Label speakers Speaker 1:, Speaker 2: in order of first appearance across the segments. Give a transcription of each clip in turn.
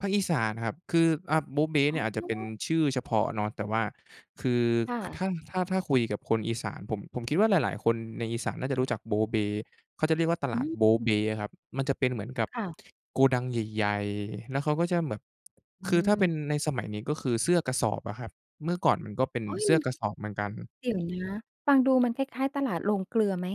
Speaker 1: ภาคอีสานครับ คือ อ่า โบ๊เบ๊
Speaker 2: อ
Speaker 1: เน
Speaker 2: ๋
Speaker 1: ี่ยอาจจะเป็น
Speaker 2: อ
Speaker 1: ชื่อเฉพาะเนาะ แต่ว่าคือ
Speaker 2: ค่
Speaker 1: ค
Speaker 2: ะ
Speaker 1: ถ้า ถ้า ถ้าคุยกับคนอีสาน ผม ผมคิดว่าหลาย ๆ คนในอีสานน่าจะรู้จักโบ๊เบ๊ เขาจะเรียกว่าต
Speaker 2: อ
Speaker 1: ลาด
Speaker 2: ื
Speaker 1: โบ๊เ
Speaker 2: ม
Speaker 1: บ๊ครับ มันจะเป็นเหมือนกับ
Speaker 2: ค่ะ
Speaker 1: โกดังใหญ่ ๆ แล้วเขาก็จะแบบ
Speaker 2: อื
Speaker 1: คือถ้าเป็
Speaker 2: ม
Speaker 1: นในสมัยนี้ ก็คือเสื้อกระสอบอะครับ เมื่อก่อนมันก็เป็น
Speaker 2: โอ๊ย!
Speaker 1: เสื้
Speaker 2: มั
Speaker 1: อ
Speaker 2: น
Speaker 1: กระสอบเหมือนกัน
Speaker 2: เดี๋ยวนะ ฟังดูมันคล้าย ๆ ตลาดโรงเกลือไหม?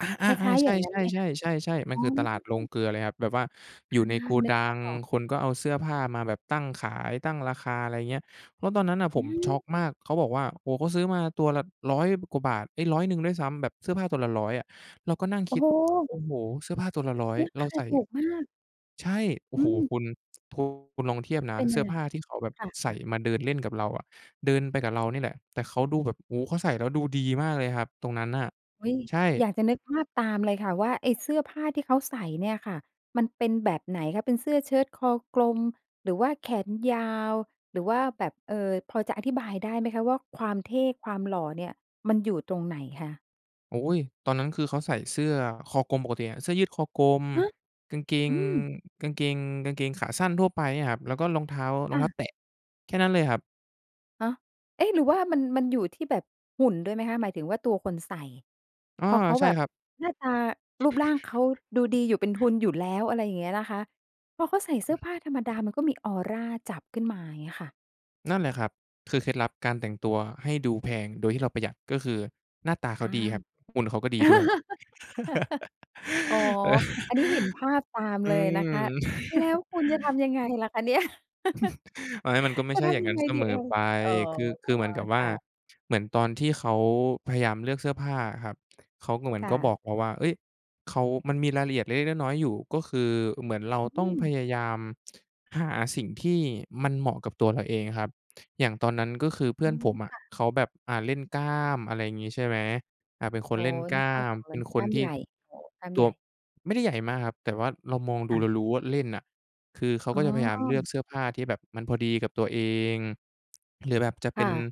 Speaker 1: อา
Speaker 2: คล้า
Speaker 1: ๆ
Speaker 2: ย ๆ
Speaker 1: ๆ ใ
Speaker 2: อ
Speaker 1: ช
Speaker 2: ย่างงั้น
Speaker 1: ่
Speaker 2: ไหมคะ?
Speaker 1: ๆ ๆ ๆ
Speaker 2: อ
Speaker 1: ๆ
Speaker 2: ๋
Speaker 1: มั
Speaker 2: อ
Speaker 1: นคือตลาดโรงเกลือเลยครับ แบบว่าอ
Speaker 2: อ
Speaker 1: ยู่
Speaker 2: า
Speaker 1: ในโก
Speaker 2: นึ
Speaker 1: ด
Speaker 2: ก
Speaker 1: ั
Speaker 2: ภา
Speaker 1: ง
Speaker 2: พออก
Speaker 1: คนก็เอาเสื้อผ้ามาแบบตั้งขาย ตั้งราคา อะไรเงี้ย เพราะตอนนั้นน่ะ
Speaker 2: อ
Speaker 1: ผ
Speaker 2: ื
Speaker 1: มช็
Speaker 2: ม
Speaker 1: อกมาก เขาบอกว่า โอ้โฮ เขาซื้อมาตัวละ 100 กว่าบาท เฮ้ย 100 ด้วยซ้ำ แบบเสื้อผ้าตัวละ 100 อะ เราก็นั่ง
Speaker 2: โอ
Speaker 1: ค
Speaker 2: ้
Speaker 1: ิด
Speaker 2: โฮ!
Speaker 1: โอ้โฮ เสื้อผ้าตัวละ 100
Speaker 2: รา
Speaker 1: เ
Speaker 2: ค
Speaker 1: รา
Speaker 2: า
Speaker 1: ใส่
Speaker 2: ถูกมาก
Speaker 1: ใช่ โอ้
Speaker 2: อื
Speaker 1: โฮ
Speaker 2: ม
Speaker 1: คุณ คุณลองเทียบนะ
Speaker 2: เป็น
Speaker 1: เส
Speaker 2: ย
Speaker 1: ื
Speaker 2: ั
Speaker 1: ้
Speaker 2: ง
Speaker 1: อ
Speaker 2: ไง?
Speaker 1: ผ้าที่เขาแบบ
Speaker 2: ค่
Speaker 1: ใส่
Speaker 2: ะ ๆ
Speaker 1: มาเดินเล่นกับเราอะ เดินไปกับเรานี่แหละ แต่เขาดูแบบ โอ้โฮ เขาใส่แล้วดูดีมากเลยครับตรงนั้นน่ะ
Speaker 2: อุ๊ย
Speaker 1: ใช่
Speaker 2: อยากจะนึกภาพตามเลยค่ะว่า ไอ้เสื้อผ้าที่เขาใส่เนี่ยค่ะ มันเป็นแบบไหนคะ? เป็นเสื้อเชิ้ตคอกลม หรือว่าแขนยาว หรือว่าแบบ เอ่อ พอจะอธิบายได้ไหมคะว่า ความเท่ ความหล่อเนี่ยมันอยู่ตรงไหนคะ?
Speaker 1: โอ๊ย ตอนนั้นคือเขาใส่เสื้อคอกลมปกติอะ เสื้อยืดคอกลม
Speaker 2: ฮะ?
Speaker 1: กางเก
Speaker 2: อ
Speaker 1: ง
Speaker 2: ืม
Speaker 1: กางเกง กางเกงขาสั้นทั่วไปเนี่ยครับ แล้วก็รองเท้า รอ
Speaker 2: ค
Speaker 1: ง
Speaker 2: ่
Speaker 1: เท้า
Speaker 2: ะ
Speaker 1: แตะ แค่นั้นเลยครับ
Speaker 2: ฮะ เอ๊ะ หรือว่ามัน มันอยู่ที่แบบหุ่นด้วยไหมคะ? หมายถึงว่าตัวคนใส่
Speaker 1: อา
Speaker 2: พอเขา
Speaker 1: ใช่
Speaker 2: แบบ
Speaker 1: ครับ
Speaker 2: หน้าตารูปร่างเขาดูดีอยู่เป็นทุนอยู่แล้ว อะไรอย่างเงี้ยนะคะ พอเขาใส่เสื้อผ้าธรรมดา มันก็มีออราจับขึ้นมา เงี้ยค่ะ
Speaker 1: นั่นแหละครับ คือเคล็ดลับการแต่งตัวให้ดูแพงโดยที่เราประหยัด ก็คือหน้าตาเ
Speaker 2: อ
Speaker 1: ข
Speaker 2: า
Speaker 1: าดีครับ หุ่นเขาก็ดีด้วย
Speaker 2: อ๋อ อันนี้เห็นภาพตามเ
Speaker 1: อ
Speaker 2: ล
Speaker 1: ื
Speaker 2: ยนะคะ
Speaker 1: ม
Speaker 2: แล้วคุณจะทำยังไงล่ะคะเนี่ย?
Speaker 1: อันนั้นมันก็ไม่
Speaker 2: จะ
Speaker 1: ใช่
Speaker 2: ท
Speaker 1: อย่าง
Speaker 2: ำยั
Speaker 1: งั
Speaker 2: ง
Speaker 1: ้
Speaker 2: ไ
Speaker 1: น
Speaker 2: ง
Speaker 1: เส
Speaker 2: ดี
Speaker 1: ม
Speaker 2: เอ่
Speaker 1: อ
Speaker 2: ย?
Speaker 1: ไป
Speaker 2: อ๋อ
Speaker 1: คือ คือเหมือนกับว
Speaker 2: ค
Speaker 1: ่า
Speaker 2: ่ะ
Speaker 1: เหมือนตอนที่เขาพยายามเลือกเสื้อผ้าอะครับ เขาก็เหมือ
Speaker 2: ค
Speaker 1: น
Speaker 2: ่
Speaker 1: ก็บ
Speaker 2: ะ
Speaker 1: อกเราว่า เฮ้ย เขามันมีรายละเอียดเล็ก ๆ น้อย ๆ อยู่ ก็คือเหมือนเรา
Speaker 2: อื
Speaker 1: ต้องพ
Speaker 2: ม
Speaker 1: ยายามหาสิ่งที่มันเหมาะกับตัวเราเองครับ อย่างตอนนั้นก็คือเพื่
Speaker 2: อ
Speaker 1: อ
Speaker 2: ื
Speaker 1: น
Speaker 2: ม
Speaker 1: ผมอ
Speaker 2: ค
Speaker 1: ะ
Speaker 2: ่ะ
Speaker 1: เขาแบบ อ่า เล่นกล้าม อะไรอย่างงี้ ใช่ไหม อา เป็นค
Speaker 2: อ๋
Speaker 1: น
Speaker 2: อ
Speaker 1: เล่นก
Speaker 2: นึ
Speaker 1: ล้
Speaker 2: ก
Speaker 1: า
Speaker 2: ภาพ
Speaker 1: ม
Speaker 2: ออกเ
Speaker 1: เ
Speaker 2: ล
Speaker 1: ป็
Speaker 2: ย
Speaker 1: น
Speaker 2: ก
Speaker 1: ค
Speaker 2: ล้
Speaker 1: น
Speaker 2: าม
Speaker 1: ท
Speaker 2: ใ
Speaker 1: ี
Speaker 2: ห
Speaker 1: ่
Speaker 2: ญ่ อ๋อ กล้าม
Speaker 1: ต
Speaker 2: ใ
Speaker 1: ั
Speaker 2: หญ
Speaker 1: ว
Speaker 2: ่
Speaker 1: ไม่ได้ใหญ่มากครับ แต่ว่าเรามอง
Speaker 2: ค
Speaker 1: ดู
Speaker 2: ่
Speaker 1: เร
Speaker 2: ะ
Speaker 1: ารู้ว่าเล่นน่ะ คือเขา
Speaker 2: อ๋
Speaker 1: ก
Speaker 2: อ
Speaker 1: ็จะพยายามเลือกเสื้อผ้าที่แบบมันพอดีกับตัวเอง หรือแบบจะเ
Speaker 2: ค
Speaker 1: ป็
Speaker 2: ่
Speaker 1: น
Speaker 2: ะ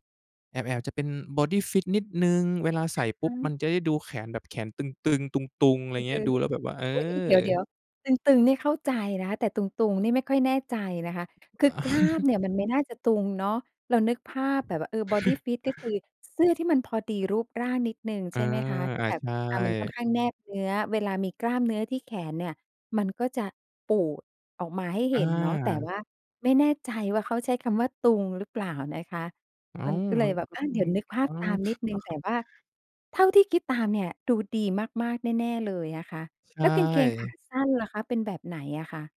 Speaker 1: แอบ ๆ จะเป็น บอดีฟิต นิดหนึ่ง เวลาใส่ป
Speaker 2: อ
Speaker 1: ุ๊บ
Speaker 2: า
Speaker 1: มันจะได้ดูแขนแบบแขนตึง ๆ ตุง ๆ อะไ
Speaker 2: ไ
Speaker 1: ร
Speaker 2: ป
Speaker 1: เ
Speaker 2: เจ
Speaker 1: งี้ย
Speaker 2: อ
Speaker 1: ดู
Speaker 2: ลุ
Speaker 1: แ
Speaker 2: ก
Speaker 1: ล้วแบบว่า เอ
Speaker 2: อุ๊ย เดี๋
Speaker 1: อ
Speaker 2: ยว ๆ ตึง ๆ นี่เข้าใจนะ แต่ตุง ๆ นี่ไม่ค่อยแน่ใจนะคะ คือกล้ามเนี่ยมันไม่น่าจะตุงเนาะ เรานึกภาพแบบว่า เออ บอดีฟิต ก็คือเสื้อที่มันพอดีรูปร่างนิดหนึ่ง
Speaker 1: เอ
Speaker 2: ใช
Speaker 1: อ
Speaker 2: ่ไหมคะ? ที่
Speaker 1: อา
Speaker 2: แบบ
Speaker 1: ใช
Speaker 2: อ่า มันค่อน
Speaker 1: ่
Speaker 2: ข้างแนบเนื้อ เวลามีกล้ามเนื้อที่แขนเนี่ย มันก็จะปูดออกมาให้เห
Speaker 1: อ
Speaker 2: ็นเนาะ แต่
Speaker 1: า
Speaker 2: ว่าไม่แน่ใจว่าเขาใช้คำว่าตุงหรือเปล่านะคะ
Speaker 1: อ้า
Speaker 2: มัน
Speaker 1: ว
Speaker 2: ก็เล
Speaker 1: มั
Speaker 2: ย
Speaker 1: น
Speaker 2: แบบ
Speaker 1: ก็
Speaker 2: อะ เดี
Speaker 1: ม
Speaker 2: ๋ย
Speaker 1: ี
Speaker 2: วนึกภ
Speaker 1: อ
Speaker 2: า
Speaker 1: ้
Speaker 2: พ
Speaker 1: า
Speaker 2: ตา
Speaker 1: ว
Speaker 2: มนิดหนึ่ง แต่ว่าเท่าที่คิดตามเนี่ย ดูดีมาก ๆ แน่ ๆ เลยอะค่ะ
Speaker 1: ใช
Speaker 2: แล้วกางเกงขา
Speaker 1: ่
Speaker 2: สั้นล่ะคะ เป็นแบบไหนอะคะ?